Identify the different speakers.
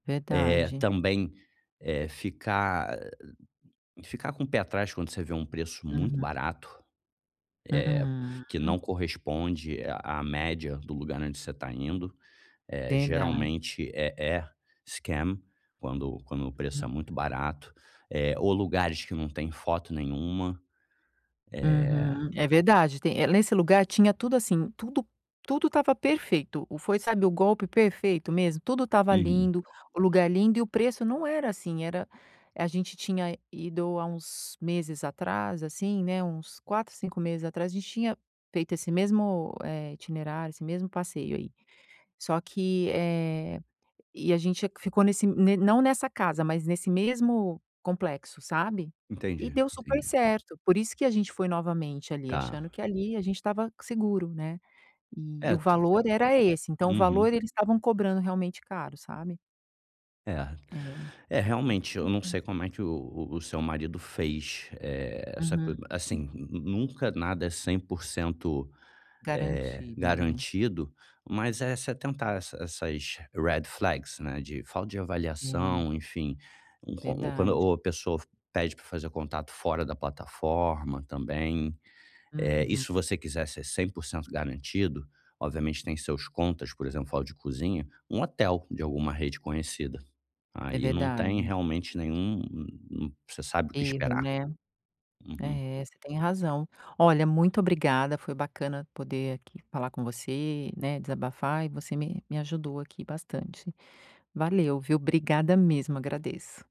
Speaker 1: É,
Speaker 2: Verdade.
Speaker 1: também, eh, ficar ficar com o pé atrás quando você vê um preço muito
Speaker 2: Uhum.
Speaker 1: barato, eh,
Speaker 2: Uhum,
Speaker 1: que
Speaker 2: hum.
Speaker 1: não corresponde a a média do lugar onde você está indo, eh,
Speaker 2: Verdade.
Speaker 1: geralmente é é scam quando quando o preço
Speaker 2: Uhum.
Speaker 1: é muito barato, eh, ou lugares que não tem foto nenhuma, eh.
Speaker 2: Uhum. É verdade, tem nesse lugar tinha tudo assim, tudo, tudo estava perfeito, foi sabe o golpe perfeito mesmo, tudo estava
Speaker 1: Uhum.
Speaker 2: lindo, o lugar lindo, e o preço não era assim, era a gente tinha ido há uns meses atrás assim, né, uns 4, 5 meses atrás, a gente tinha feito esse mesmo, eh, itinerário, esse mesmo passeio aí, só que, eh, a gente ficou nesse não nessa casa, mas nesse mesmo complexo, sabe? E
Speaker 1: Entendi,
Speaker 2: deu super
Speaker 1: entendi.
Speaker 2: certo, por isso que a gente foi novamente ali achando
Speaker 1: Tá.
Speaker 2: que ali a gente estava seguro, né, e o
Speaker 1: É
Speaker 2: valor
Speaker 1: tempo,
Speaker 2: era esse, então o valor
Speaker 1: uhum.
Speaker 2: eles estavam cobrando realmente caro, sabe?
Speaker 1: É,
Speaker 2: É,
Speaker 1: é realmente, eu não
Speaker 2: compensa.
Speaker 1: sei como é que o o seu marido fez, eh, essa coisa
Speaker 2: Uhum, hum.
Speaker 1: assim, nunca nada é 100%, eh,
Speaker 2: Garantido, né.
Speaker 1: garantido, mas é se atentar essas essas Red Flags, né, de falta de
Speaker 2: Sim.
Speaker 1: avaliação, enfim, uma ou
Speaker 2: Verdade.
Speaker 1: quando a pessoa pede pra fazer contato fora da plataforma também. Eh, e
Speaker 2: Uhum.
Speaker 1: se você quiser ser 100% garantido, obviamente tem seus contas, por exemplo, de cozinha, um hotel de alguma rede conhecida,
Speaker 2: É
Speaker 1: aí não tem
Speaker 2: verdade.
Speaker 1: realmente nenhum um você sabe o que
Speaker 2: Erro
Speaker 1: esperar.
Speaker 2: né.
Speaker 1: Uhum.
Speaker 2: É você tem razão. Olha muito obrigada, foi bacana poder aqui falar com você, né, desabafar e você me me ajudou aqui bastante. Valeu viu? Obrigada mesmo agradeço.